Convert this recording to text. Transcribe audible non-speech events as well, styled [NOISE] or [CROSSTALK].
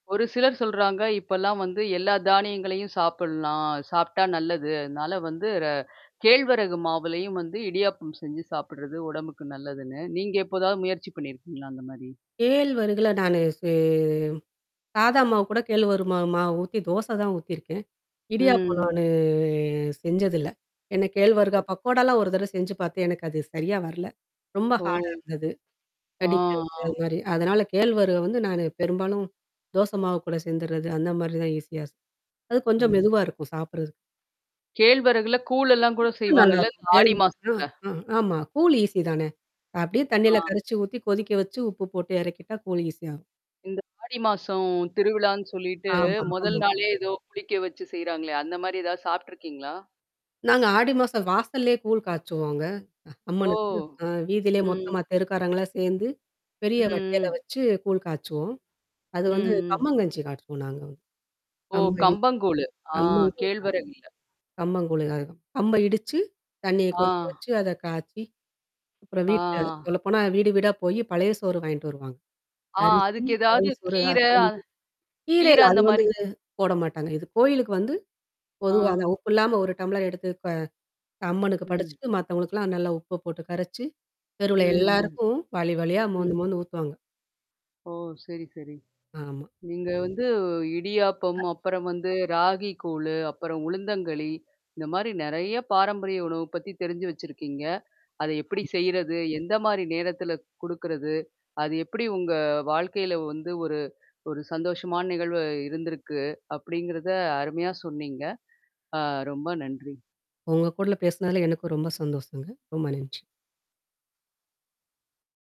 ஒரு சிலர் சொல்றாங்க, "இப்பல்லாம் வந்து எல்லா தானியங்களையும் சாப்பிட்லாம். சாப்டா நல்லது. அதனால வந்து ர கேழ்வரகு மாவுலயும் வந்து இடியாப்பம் செஞ்சு சாப்பிட்டுறது உடம்புக்கு நல்லதுன்னு." நீங்க எப்போதாவது முயற்சி பண்ணியிருக்கீங்களா? அந்தமாரி? கேழ்வரகுல நானு செ சாதா மாவுகூட கேழ்வரகு மா மா மாவு ஊத்தி தோச தான் ஊத்தியிருக்கேன். இடியாப்பம் ம். நானு செஞ்சதில்ல. ஏன்னா கேழ்வரகு பக்கோடா லாம் ஒரு தடவ செஞ்சு பார்த்து எனக்கு அது சரியா வரல. ரொம்ப ஓ! ஹார்டா இருந்தது. ஆ, கடிக்க ஆ. முடியாதமாரி. அதனால கேழ்வரக வந்து நானு பெரும்பாலும் தோச மாவு கூட சேர்ந்துர்றது. அந்தமாரி தான் ஈஸியா [UNINTELLIGIBLE] அது கொஞ்சம் ம். மெதுவா இருக்கும் சாப்பிட்றதுக்கு. கேழ்வரகுல கூழெல்லாம் கூட புட்டு செய்வாங்கல்ல, இந்த நல்லாருக்கும். ஆடி கேழ்வரகுதான் மாசத்தல? அ ஆமா. கூழ் ஈஸி தானே! அப்பிடியே தண்ணீல ஆ. கரைச்சு ஊத்தி கொதிக்க வச்சு உப்பு போட்டு இறக்கிட்டா கூழ் ஈஸியா வரும். இந்த ஆடி மாசம் திருவிழான்னு சொல்லிட்டு ஆமா, முதல் ஆமா. நாளே ஏதோ புளிக்க வச்சு செய்றாங்களே! அந்தமாரி ஏதா சாப்ட்டுருக்கீங்களா? நாங்க ஆடி மாசம் வாசல்லயே கூழ் காய்ச்சுவோங்க ஓ! அம்மனுக்கு. அ வீதியிலே ம். மொத்தமா தெருக்காரங்களலாம் சேர்ந்து, பெரிய ம், வட்டையில ம். வச்சு கூழ் காய்ச்சுவோம். அது ம், வந்து ம். கம்மங்கஞ்சி காச்சுவோம், நாங்க வந்து. ஓ! கம்பங்கூழு. ஆ கேழ்வரகு இல்ல. [UNINTELLIGIBLE] கம்பங்கூழு [UNINTELLIGIBLE] கம்ப இடிச்சு தண்ணீய கொதிக்க ஆ. வச்சு அத காய்ச்சி, அப்புறம் வீட்ல ஆ. சொல்லப்போனா வீடு வீடா போய் பழைய சோறு வாங்கிட்டு வருவாங்க. ஆ அரிசி, அதுக்கு பழைய ஏதாவது சோறு, கீரை [UNINTELLIGIBLE] கீரை கீரை இல்ல, அது வந்து அந்தமாரி. போடமாட்டாங்க. இது கோயிலுக்கு வந்து. ஆ. பொதுவா அந்த உப்பு இல்லாம ஒரு டம்ளர் எடுத்து க அம்மனுக்கு ம். படைச்சிட்டு மத்தவுங்களுக்குல்லாம் நல்லா உப்ப போட்டு கரைச்சு, தெருவுல ம், ம், எல்லாருக்கும் வாளி வாளியா மோந்து, ம். மோந்து ஊத்துவாங்க. ஓ! சரி, சரி. ஆமா. நீங்க வந்து இடியாப்பம், [UNINTELLIGIBLE] அப்புறம் வந்து ராகி கூழு, அப்புறம் உளுந்தங்களி. இந்தமாரி நெறைய பாரம்பரிய உணவு பத்தி தெரிஞ்சு வச்சிருக்கீங்க. அத எப்பிடி ஆமா. செய்யிறது, எந்தமாரி நேரத்தில குடுக்குறது? அது எப்பிடி உங்க வாழ்க்கையில வந்து ஒரு ஒரு சந்தோஷமான நிகழ்வா இருந்திருக்கு அப்பிடிங்கிறத அருமையா சொன்னீங்க. ஆ ரொம்ப நன்றி. உங்க கூட பேசினதுல எனக்கும் ரொம்ப சந்தோஷங்க. ரொம்ப நன்றி.